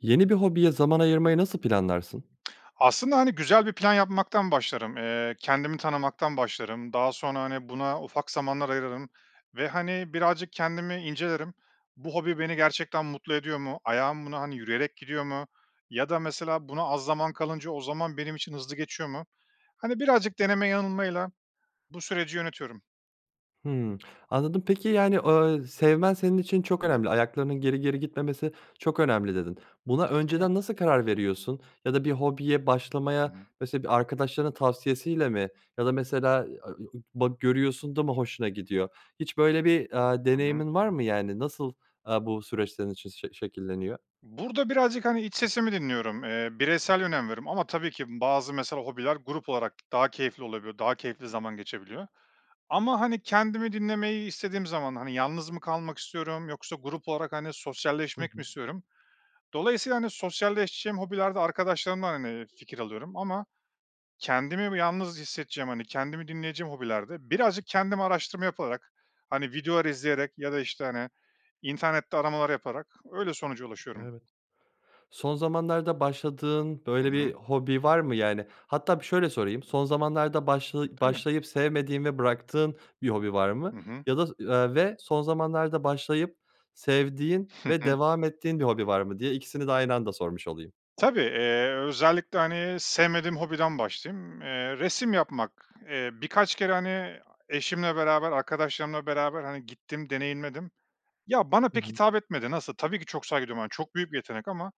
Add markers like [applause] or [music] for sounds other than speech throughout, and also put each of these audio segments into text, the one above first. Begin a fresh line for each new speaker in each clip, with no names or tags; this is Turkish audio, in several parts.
Yeni bir hobiye zaman
[unintelligible]
ayırmayı nasıl planlarsın?
[tsk] Aslında, hani, güzel bir plan yapmaktan başlarım. Eee, kendimi tanımaktan başlarım. Daha sonra, hani, buna ufak zamanlar ayırırım ve, hani, birazcık kendimi incelerim. Bu hobi beni gerçekten mutlu ediyor mu? Ayağım buna, hani, yürüyerek gidiyor mu? Ya da mesela buna az zaman kalınca o zaman benim için hızlı geçiyor mu? Hani birazcık deneme yanılmayla bu süreci yönetiyorum.
Hımm. Anladım. Peki, yani, eee, sevmen senin için çok
Hı hı.
önemli ayaklarının geri geri gitmemesi çok önemli dedi. Buna
[unintelligible]
önceden nasıl karar veriyorsun ya da bir hobiye
Hı
başlamaya
hı.
mesela bir arkadaşlarının tavsiyesiyle mi ya da mesela [unintelligible] görüyorsun da mı hoşuna gidiyor? Hiç böyle bir, eee,
Hı hı.
deneyimin var mı? Yani, nasıl, eee, bu süreçlerin şe şe şekilleniyor?
Burada birazcık, hani, iç sesimi dinliyorum. Eee, bireysel önem veriyorum ama tabii ki bazı mesela hobiler grup olarak daha keyifli olabiliyor. Daha keyifli zaman geçebiliyor ama, hani, kendimi dinlemeyi istediğim zaman, hani, yalnız mı kalmak istiyorum yoksa grup olarak, hani,
Hı
sosyalleşmek mi
hı.
istiyorum. Dolayısıyla, hani, sosyalleşeceğim hobilerde arkadaşlarımdan, hani, fikir alıyorum ama kendimi bir yalnız hissedeceğim, hani, kendimi dinleyeceğim hobilerde birazcık kendim araştırma yaparak, hani, videolar izleyerek ya da işte, hani, internette aramalar yaparak öyle sonuca ulaşıyorum.
Evet. Son zamanlarda başladığın
Hı
böyle bir
hı.
hobi var mı yani? Hatta bir şöyle sorayım son zamanlarda başla
Değil mi?
başlayıp sevmediğin ve bıraktığın bir hobi var mı
Hı hı.
ya da, eee, ve son zamanlarda başlayıp sevdiğin ve
[chuckles]
devam ettiğin bir hobi var mı diye 2'sini de aynı anda sormuş olayım.
Tabii, eee, özellikle, hani, sevmediğim hobiden başlayayım. Eee, resim yapmak, eee, birkaç kere, hani, eşimle beraber arkadaşlarımla beraber, hani, gittim. Deneyimledim. Ya, bana
Hı
pek
hı.
hitap etmedi. Nasıl? Tabii ki çok saygı duyuyorum çok büyük bir yetenek. Ama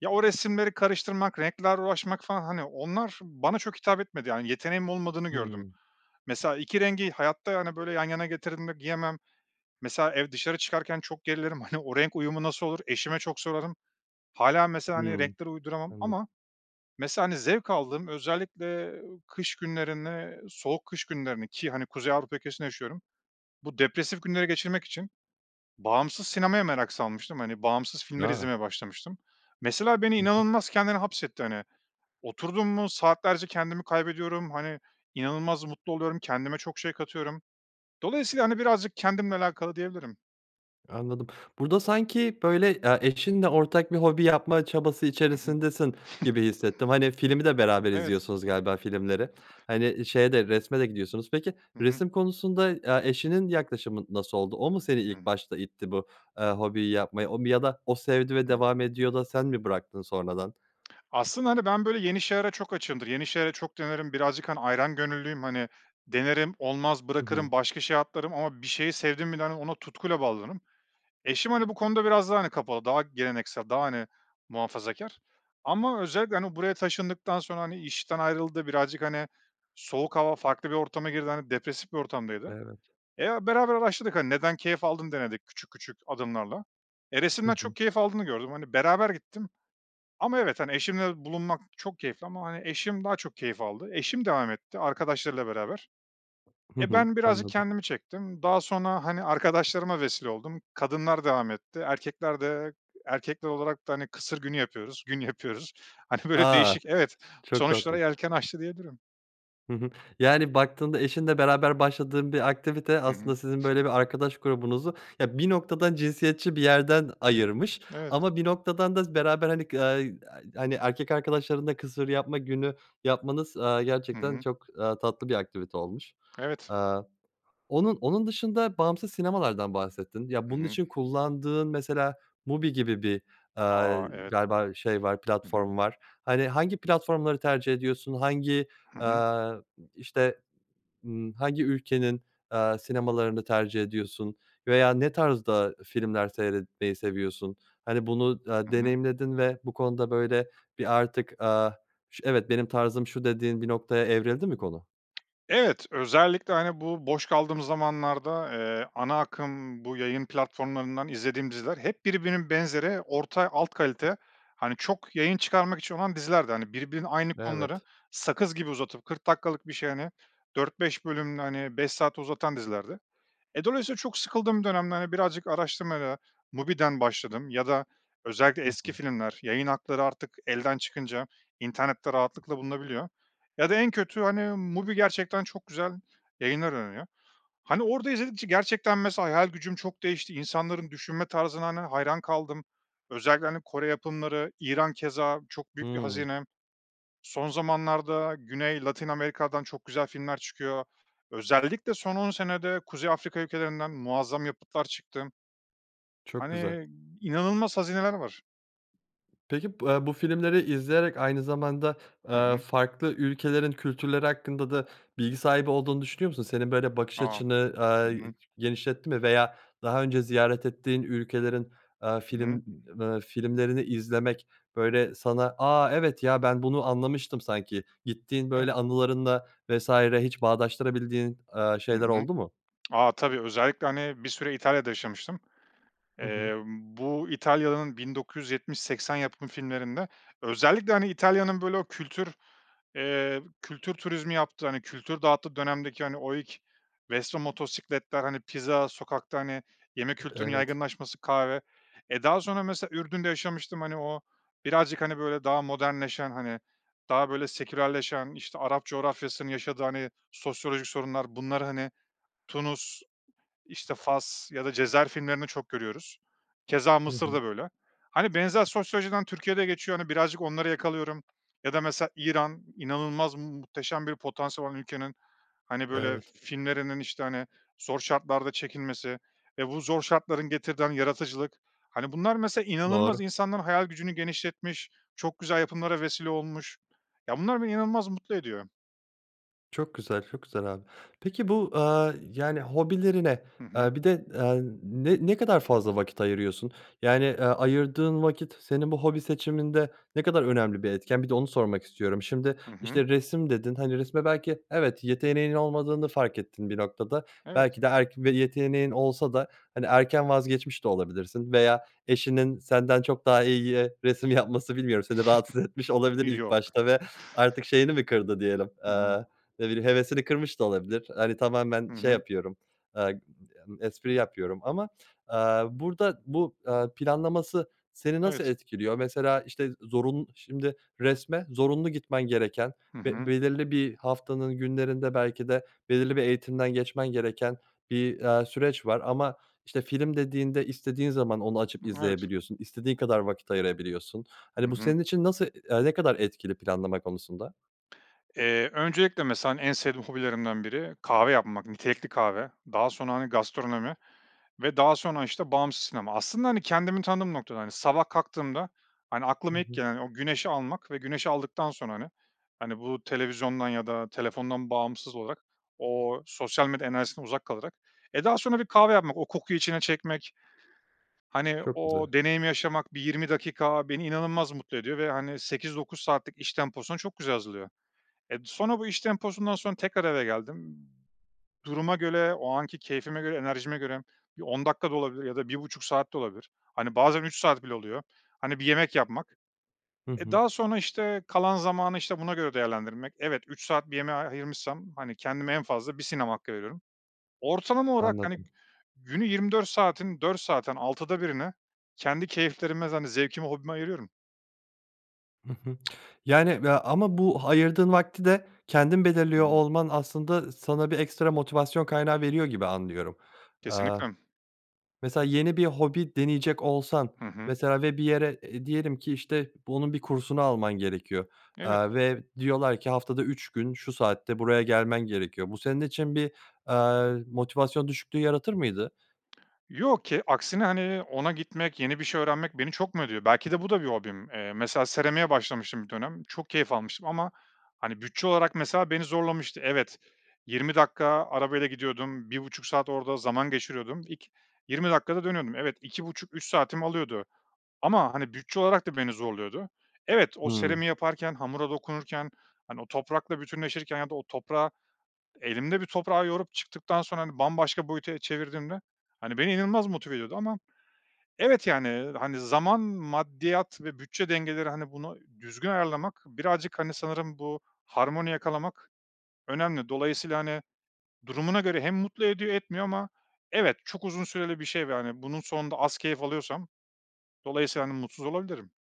ya, o resimleri karıştırmak, renklerle uğraşmak falan, hani, onlar bana çok hitap etmedi. Yani yeteneğim olmadığını gördüm.
Hımm.
Mesela 2 rengi hayatta, yani, böyle yan yana getirdiğimde giyemem. Mesela ev dışarı çıkarken çok gerilirim. [chuckles] Hani, o renk uyumu nasıl olur eşime çok sorarım. Hâlâ mesela, hani,
Hımm.
renkleri uyduramam.
Anladım.
Ama mesela, hani, zevk aldığım özellikle kış günlerine, soğuk kış günlerine ki hani Kuzey Avrupa ülkesinde yaşıyorum, bu depresif günleri geçirmek için bağımsız sinemaya merak salmıştım, bağımsız filmleri
A.
izlemeye başlamıştım. Mesela beni
Hı hı.
inanılmaz kendine hapsetti. Hani, oturdum mu saatlerce kendimi kaybediyorum, hani, inanılmaz mutlu oluyorum kendime çok şey katıyorum. Dolayısıyla, hani, birazcık kendimle alakalı diyebilirim.
Anladım. Burada sanki böyle, eee, eşinle ortak bir hobi yapma çabası
Hı hı.
içerisindesin gibi
[chuckles]
hissettim, hani, filmi de beraber
Evet.
izliyorsunuz galiba filmleri. Hani, şeye de resme de gidiyorsunuz. Peki,
Hı hı.
resim konusunda, eee, eşinin yaklaşımı nasıl oldu? O mu seni ilk
Hıı.
başta itti bu, eee, hobiyi yapmaya, o mu ya da o sevdi ve
Hı hı.
devam ediyor da sen mi bıraktın sonradan?
Aslında, hani, ben böyle yeni şeylere çok açığımdır, yeni şeyleri çok denerim birazcık, hani, ayran gönüllüyüm, hani, denerim olmaz
Hı hı.
bırakırım başka şeye atlarım ama bir şeyi sevdim mi de, hani, ona tutkuyla bağlanırım. Eşim, hani, bu konuda biraz daha, hani, kapalı daha geleneksel daha, hani, muhafazakâr. Ama özellikle, hani, buraya taşındıktan sonra, hani, işten ayrıldı birazcık, hani, soğuk hava farklı bir ortama girdi, hani, depresif bir ortamdaydı.
Evet.
Eee, beraber araştırdık, hani, neden keyif aldığını denedik küçük küçük adımlarla. Eee,
Hı
resimden
hı.
çok keyif aldığını gördüm, hani, beraber gittim ama evet, hani, eşimle bulunmak çok keyifli ama, hani, eşim daha çok keyif aldı, eşim devam etti arkadaşlarıyla beraber.
Hı
Eee,
hı,
ben birazcık
anladım.
kendimi çektim daha sonra, hani, arkadaşlarıma vesile oldum, kadınlar devam etti, erkekler de erkekler olarak da, hani, kısır günü yapıyoruz, gün yapıyoruz. Hani, böyle
A!
değişik, evet,
Ç çok
sonuçlara
tatlı.
yelken açtı diyebilirim.
Hı hı, yani, baktığında eşinle beraber başladığın bir aktivite
Hı hı.
aslında sizin
[giggles]
böyle bir arkadaş grubunuzu ya bir noktadan cinsiyetçi bir yerden ayırmış
Evet.
ama bir noktadan da beraber hani, ga a hani, erkek arkadaşların da kısır yapma günü yapmanız, eee,
Hı
gerçekten
hı.
çok, eee, tatlı bir aktivite olmuş.
Evet.
Aaa, onun onun dışında bağımsız sinemalardan bahsettin ya
Hı
bunun
hı.
için kullandığın mesela MUBI gibi bir, aaa,
A! Evet.
galiba şey var
Hı hı.
platform var. Hani, hangi platformları tercih ediyorsun hangi,
Hı hı.
eee, işte, ımm, hangi ülkenin, eee, sinemalarını tercih ediyorsun veya ne tarzda filmler seyretmeyi seviyorsun? Hani, bunu da
Hı hı.
deneyimledin ve bu konuda böyle bir artık, aaa, ş evet benim tarzım şu dediğin bir noktaya evrildi mi konu?
Evet, özellikle, hani, bu boş kaldığımız zamanlarda, eee, ana akım bu yayın platformlarından izlediğim diziler hep birbirinin benzeri orta alt kalite, hani, çok yayın çıkarmak için olan dizilerdi. Hani, birbirinin aynı konuları
Evet.
sakız gibi uzatıp 40 dakikalık bir şey, hani, 4-5 bölümde, hani, 5 saate uzatan dizilerdi. Eee, dolayısıyla çok sıkıldığım dönemde, hani, birazcık araştırmayla MUBI'den başladım ya da özellikle
Hı hı.
eski filmler yayın hakları artık elden çıkınca internette rahatlıkla bulunabiliyor. Ya da en kötü, hani, MUBI gerçekten çok güzel yayınlar öneriyor. Hani, orada izledikçe gerçekten, mesela, hayal gücüm çok değişti insanların düşünme tarzına, hani, hayran kaldım özellikle, hani, Kore yapımları, İran keza çok büyük bir
Hıı.
hazine son zamanlarda Güney Latin Amerika'dan çok güzel filmler çıkıyor. Özellikle son 10 senede Kuzey Afrika ülkelerinden muazzam yapıtlar çıktı
Çok güzel.
hani, inanılmaz hazineler var.
Peki, bu a bu filmleri izleyerek aynı zamanda,
Hı
eee,
hı.
farklı ülkelerin kültürleri hakkında da bilgi sahibi olduğunu düşünüyor musun? Senin böyle bakış
A!
açını, aaa,
[unintelligible]
genişletti mi veya daha önce ziyaret ettiğin ülkelerin, aaa,
Hı hı.
film, ııı, filmlerini izlemek böyle sana a, evet ya ben bunu anlamıştım sanki. Gittiğin
[unintelligible]
böyle anılarınla vs. hiç bağdaştırabildiğin, eee,
Hı
şeyler
hı.
oldu mu?
A, [clicks tongue] tabii özellikle, hani, bir süre İtalya'da yaşamıştım.
Hı hı.
Eee, bu İtalya'nın 1970-80 yapım filmlerinde özellikle, hani, İtalya'nın böyle o kültür, eee, kültür turizmi yaptığı, hani, kültür dağıttığı dönemdeki, hani, o ilk Vespa motosikletler, hani, pizza sokakta, hani, yeme
E
kültürünün
evet.
yaygınlaşması kahve. Eee, daha sonra, mesela, Ürdün'de yaşamıştım, hani, o birazcık, hani, böyle daha modernleşen, hani, daha böyle sekülerleşen işte Arap coğrafyasının yaşadığı, hani, sosyolojik sorunlar bunları, hani, Tunus, işte, Fas ya da Cezayir filmlerinde çok görüyoruz. Keza
Hı hı.
Mısır'da böyle. Hani, benzer sosyolojiden Türkiye'de geçiyor, hani, birazcık onları yakalıyorum ya da, mesela, İran inanılmaz mu muhteşem bir potansiyel olan ülkenin, hani, böyle
Evet.
filmlerinin işte, hani, zor şartlarda çekilmesi, eee, bu zor şartların getirdiği, hani, yaratıcılık, hani, bunlar, mesela, inanılmaz
Doğru.
insanların hayal gücünü genişletmiş çok güzel yapımlara vesile olmuş, ya bunlar beni inanılmaz mutlu ediyor.
Çok güzel, çok güzel abi, peki bu, eee, yani, hobilerine,
Hı hı.
eee, bir de, eee, ne ne kadar fazla vakit ayırıyorsun? Yani, eee, ayırdığın vakit senin bu hobi seçiminde ne kadar önemli bir etken? Bir de onu sormak istiyorum. Şimdi,
Hı hı.
işte, resim dedin, hani, resme belki evet yeteneğinin olmadığını fark ettin bir noktada.
Evet.
Belki de erk bir yeteneğin olsa da, hani, erken vazgeçmiş de olabilirsin veya eşinin senden çok daha iyi resim yapması bilmiyorum seni rahatsız etmiş
[giggles]
olabilir ilk
Yok.
başta ve artık şeyini mi kırdı diyelim,
Hı hı.
eee, ne bileyim hevesini kırmış da olabilir, hani, tamamen
Hı
şey
hı.
yapıyorum, eee, emm, espri yapıyorum ama, eee, burada bu, eee, planlaması seni nasıl
Evet.
etkiliyor mesela işte zorunlu şimdi resme zorunlu gitmen gereken
Hı
ve
hı.
belirli bir haftanın günlerinde belki de belirli bir eğitimden geçmen gereken bir, eee, süreç var ama işte film dediğinde istediğin zaman onu açıp
Evet.
izleyebiliyorsun istediğin kadar vakit ayırabiliyorsun,
Hı
hani, bu
hı.
senin için nasıl, e ne kadar etkili planlama konusunda?
Eee, öncelikle, mesela, hani, en sevdiğim hobilerimden biri kahve yapmak, nitelikli kahve, daha sonra, hani, gastronomi ve daha sonra, işte, bağımsız sinema. Aslında, hani, kendimi tanıdığım noktada hani. Sabah kalktığımda, hani,
Hı
aklıma ilk
hı.
gelen o güneşi almak ve güneşi aldıktan sonra, hani, hani, bu televizyondan ya da telefondan bağımsız olarak o sosyal medya enerjisinden uzak kalarak. Eee, daha sonra bir kahve yapmak, o kokuyu içine çekmek, hani,
Çok
o
güzel.
deneyimi yaşamak, bir 20 dakika beni inanılmaz mutlu ediyor ve, hani, 8-9 saatlik iş temposuna çok güzel hazırlıyor. Eee, sonra bu iş temposundan sonra tekrar eve geldim, duruma göre o anki keyfime göre enerjime göre bir 10 dakika da olabilir ya da 1.30 saat de olabilir, hani, bazen 3 saat bile oluyor, hani, bir yemek yapmak,
Hı
eee,
hı.
daha sonra, işte, kalan zamanı, işte, buna göre değerlendirmek. Evet, 3 saat bir yemeğe a ayırmışsam, hani, kendime en fazla 1 sinema hakkı veriyorum. Ortalama olarak, hani,
Anladım.
günü 24 saatin 4 saatten 6'da 1'ine kendi keyiflerime, hani, zevkime, hobime ayırıyorum.
Hı hı, yani, ve ama bu ayırdığın vakti de kendin belirliyor
[unintelligible]
olman aslında sana bir ekstra motivasyon kaynağı veriyor gibi anlıyorum. Eee,
Kesinlikle.
mesela yeni bir hobi deneyecek olsan
Hı hı.
mesela ve bir yere, eee, diyelim ki, işte, bunun bir kursunu alman gerekiyor,
Evet.
eee, ve diyorlar ki haftada 3 gün şu saatte buraya gelmen gerekiyor, bu senin için bir, eee, motivasyon düşüklüğü yaratır mıydı?
Yok ki aksine, hani, ona gitmek, yeni bir şey öğrenmek beni çok. [unintelligible] Belki de bu da bir hobim. Eee, mesela seramiğe başlamıştım bir dönem. Çok keyif almıştım ama, hani, bütçe olarak, mesela, beni zorlamıştı. Evet, 20 dakika arabayla gidiyordum, 1.30 saat orada zaman geçiriyordum, ik 20 dakikada dönüyordum. Evet, 2.30 3 saatimi alıyordu ama, hani, bütçe olarak da beni zorluyordu. Evet, o
Hıı.
seramiği yaparken hamura dokunurken, hani, o toprakla bütünleşirken ya da o toprağı elimle, bir toprağı yoğurup çıktıktan sonra, hani, bambaşka boyuta çevirdiğimde, hani, beni inanılmaz motive ediyordu ama evet, yani, hani, zaman, maddiyat ve bütçe dengeleri, hani, bunu düzgün ayarlamak birazcık, hani, sanırım bu harmoni yakalamak önemli dolayısıyla, hani, durumuna göre hem mutlu ediyor etmiyor ama evet çok uzun süreli bir şey, ve, hani, ve bunun sonunda az keyif alıyorsam dolayısıyla, hani, mutsuz olabilirim.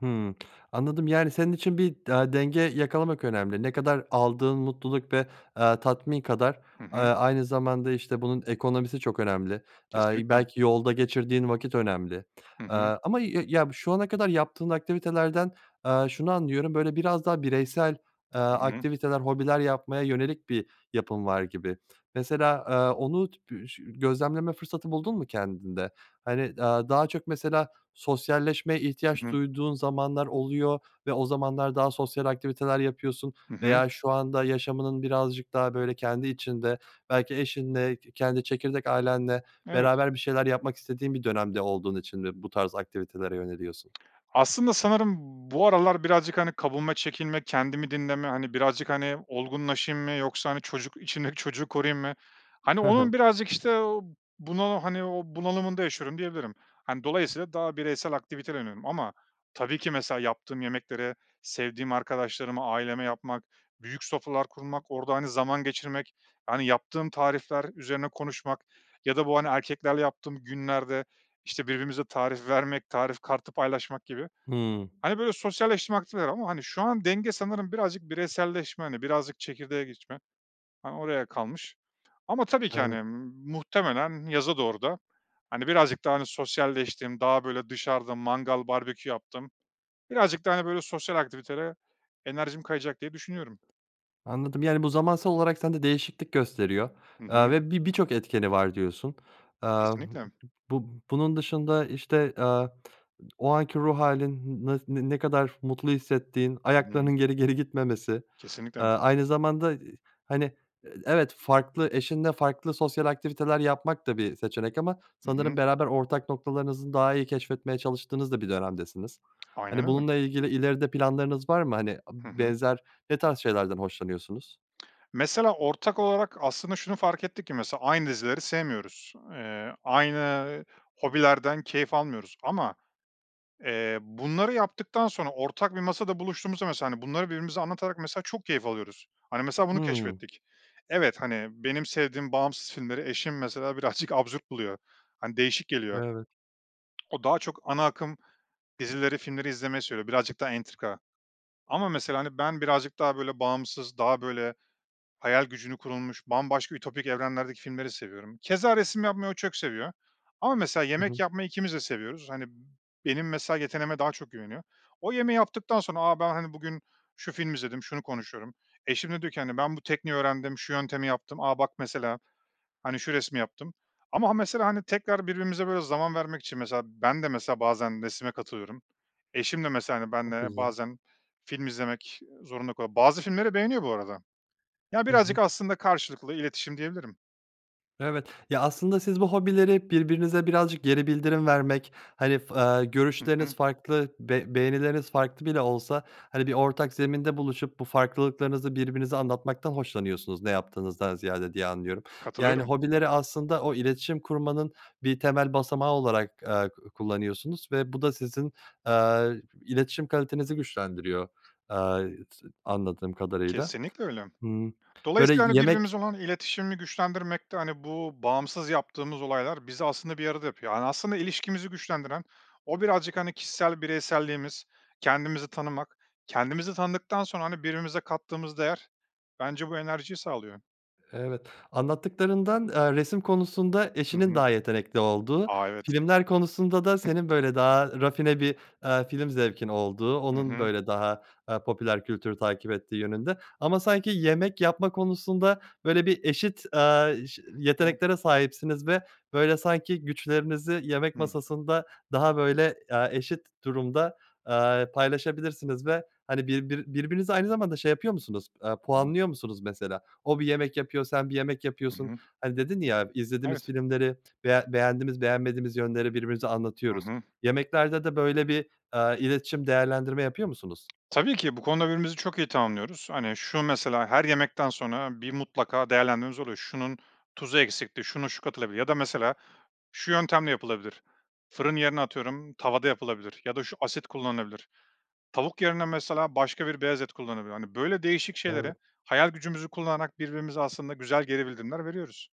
Hımm. Anladım. Yani, senin için bir da denge yakalamak önemli. Ne kadar aldığın mutluluk ve, eee, tatmin kadar,
Hı
eee,
hı.
aynı zamanda işte bunun ekonomisi çok önemli, eee,
Kesinlikle.
belki yolda geçirdiğin vakit önemli,
Hı
eee,
hı.
ama ya ya, şu ana kadar yaptığın aktivitelerden, eee, şunu anlıyorum böyle biraz daha bireysel, eee,
Hı hı.
aktiviteler hobiler yapmaya yönelik bir yapın var gibi. Mesela, eee, onu ş gözlemleme fırsatı buldun mu kendinde? Hani, eee, daha çok mesela sosyalleşmeye
Hı
ihtiyaç
hı.
duyduğun zamanlar oluyor ve o zamanlar daha sosyal aktiviteler yapıyorsun
Hı hı.
veya şu anda yaşamının birazcık daha böyle kendi içinde belki eşinle ke kendi çekirdek ailenle
Evet.
beraber bir şeyler yapmak istediğin bir dönemde olduğun için mi bu tarz aktivitelere yöneliyorsun?
Aslında sanırım bu aralar birazcık, hani, kabuğuma çekinme, kendimi dinleme, hani, birazcık, hani, olgunlaşayım mı yoksa, hani, çocuk içimdeki çocuğu koruyayım mı? Hani,
Hı hı.
onun birazcık işte o bunalı, hani, o bunalımında yaşıyorum diyebilirim. Hani, dolayısıyla daha bireysel aktivite deniyorum. Ama tabii ki mesela yaptığım yemekleri sevdiğim arkadaşlarıma aileme yapmak, büyük sofralar kurmak orada, hani, zaman geçirmek, yani, yaptığım tarifler üzerine konuşmak ya da bu, hani, erkeklerle yaptığım günlerde işte birbirimize tarif vermek tarif kartı paylaşmak gibi.
Hımm.
Hani, böyle sosyalleşme aktiviteler ama, hani, şu an denge sanırım birazcık bireyselleşme, hani, birazcık çekirdeğe geçme, hani, oraya kalmış. Ama tabii ki, hani,
Evet.
m muhtemelen yaza doğru da, hani, birazcık daha, hani, sosyalleştim, daha böyle dışarıda mangal barbekü yaptım, birazcık daha, hani, böyle sosyal aktivitelere enerjim kayacak diye düşünüyorum.
Anladım. Yani, bu zamansal olarak sende değişiklik gösteriyor.
Hı
Eee,
hı.
ve bi birçok etkeni var diyorsun. Eee,
Kesinlikle.
bu bunun dışında işte, eee, o anki ruh hâlin ne ne kadar mutlu hissettiğin
Hı hı.
ayaklarının geri geri gitmemesi, eee,
Kesinlikle.
aynı zamanda, eee, hani, eee, evet farklı eşinle farklı sosyal aktiviteler yapmak da bir seçenek ama
Hı
sanırım
hı.
beraber ortak noktalarınızı daha iyi keşfetmeye çalıştığınız da bir dönemdesiniz.
[tsk] Aynen
Hani,
öyle.
bununla ilgili ileride planlarınız var mı? Hani,
Hı
b
hı.
benzer ne tarz şeylerden hoşlanıyorsunuz?
[tsk] Mesela ortak olarak aslında şunu fark ettik ki mesela aynı dizileri sevmiyoruz, eee, aynı hobilerden keyif almıyoruz. Ama, eee, bunları yaptıktan sonra ortak bir masada buluştuğumuzda mesela, hani, bunları birbirimize anlatarak mesela çok keyif alıyoruz. Hani, mesela bunu
Hımm.
keşfettik. Evet, hani, benim sevdiğim bağımsız filmleri eşim mesela birazcık [snorts] absürt buluyor. Hani, değişik geliyor.
Evet.
[tsk] O daha çok ana akım dizileri, filmleri izlemeyi seviyor birazcık daha entrika. Ama mesela, hani, ben birazcık daha böyle bağımsız daha böyle hayal gücünü kurulmuş bambaşka ütopik evrenlerdeki filmleri seviyorum. Keza resim yapmayı o çok seviyor. Ama mesela
Hı
yemek
hı.
yapmayı 2'miz de seviyoruz. Hani, benim mesela yeteneğime daha çok güveniyor. O yemeği yaptıktan sonra, a, ben, hani, bugün şu filmi izledim şunu konuşuyorum eşim de diyor ki, hani, ben bu tekniği öğrendim şu yöntemi yaptım, a, bak mesela hani şu resmi yaptım. Ama mesela hani tekrar birbirimize böyle zaman vermek için mesela ben de mesela bazen resme katılıyorum, eşim de mesela, hani,
Çok
benle
güzel.
bazen film izlemek zorunda kalıyor. Bazı filmleri beğeniyor bu arada. Ya,
Hı
birazcık
hı.
aslında karşılıklı iletişim diyebilirim.
Evet. Ya, aslında siz bu hobileri birbirinize birazcık geri bildirim vermek, hani f eee
Hı
görüşleriniz
hı.
farklı, be beğenileriniz farklı bile olsa, hani, bir ortak zeminde buluşup bu farklılıklarınızı birbirinize anlatmaktan hoşlanıyorsunuz ne yaptığınızdan ziyade diye anlıyorum. Yani,
Katılıyorum.
hobileri aslında o iletişim kurmanın bir temel basamağı olarak, eee, ku kullanıyorsunuz ve bu da sizin, eee, iletişim kalitenizi güçlendiriyor, eee, anladığım kadarıyla.
Kesinlikle öyle.
Hıı, böyle
Dolayısıyla, hani,
yemek
birbirinize olan iletişimi güçlendirmekte, hani, bu bağımsız yaptığımız olaylar bizi aslında bir arada yapıyor. Hani, aslında ilişkimizi güçlendiren, o birazcık, hani, kişisel bireyselliğimiz, kendimizi tanımak, kendimizi tanıdıktan sonra, hani, birbirimize kattığımız değer bence bu enerjiyi sağlıyor.
Evet, anlattıklarından, eee, resim konusunda
Hı
eşinin
hı.
daha yetenekli olduğu,
A, evet.
filmler konusunda da senin
[unintelligible]
böyle daha rafine bir, eee, film zevkin olduğu
Hı
onun
hı.
böyle daha, eee, popüler kültür takip ettiği yönünde ama sanki yemek yapma konusunda böyle bir eşit, eee, ş
[unintelligible]
yeteneklere sahipsiniz ve böyle sanki güçlerinizi yemek
Hı hı.
masasında daha böyle, eee, eşit durumda, eee, paylaşabilirsiniz ve, hani, birbiri birbirinizi aynı zamanda, şey, yapıyor musunuz, eee,
[unintelligible]
puanlıyor musunuz mesela? O bir yemek yapıyor sen bir yemek
Hı
yapıyorsun.
hı.
Hani, dedin, ya, izlediğimiz
Evet.
filmleri beğen beğendiğimiz beğenmediğimiz yönleri birbirimize
Hı
anlatıyoruz.
hı.
Yemeklerde de böyle bir, eee, iletişim değerlendirme yapıyor musunuz?
Tabii ki bu konuda birbirimizi çok iyi tamamlıyoruz. Hani, şu mesela her yemekten sonra bir mutlaka değerlendirmemiz oluyor. Şunun tuzu eksikti, şuna şu katılabilir ya da mesela şu yöntemle yapılabilir. Fırın yerine atıyorum tavada yapılabilir ya da şu asit kullanılabilir. Tavuk yerine mesela başka bir beyaz et kullanabilir. Hani, böyle değişik şeylere
Evet.
hayal gücümüzü kullanarak birbirimize aslında güzel geri bildirimler veriyoruz.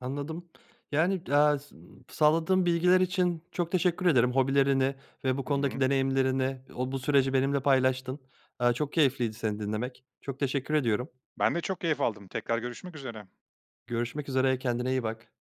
Anladım, yani, eee, s sağladığın bilgiler için çok teşekkür ederim hobilerini ve bu
Hı
konudaki
hı.
deneyimlerini. O bu süreci benimle paylaştın, eee, çok keyifliydi seni dinlemek, çok teşekkür ediyorum.
Ben de çok keyif aldım, tekrar görüşmek üzere.
Görüşmek üzere, kendine iyi bak.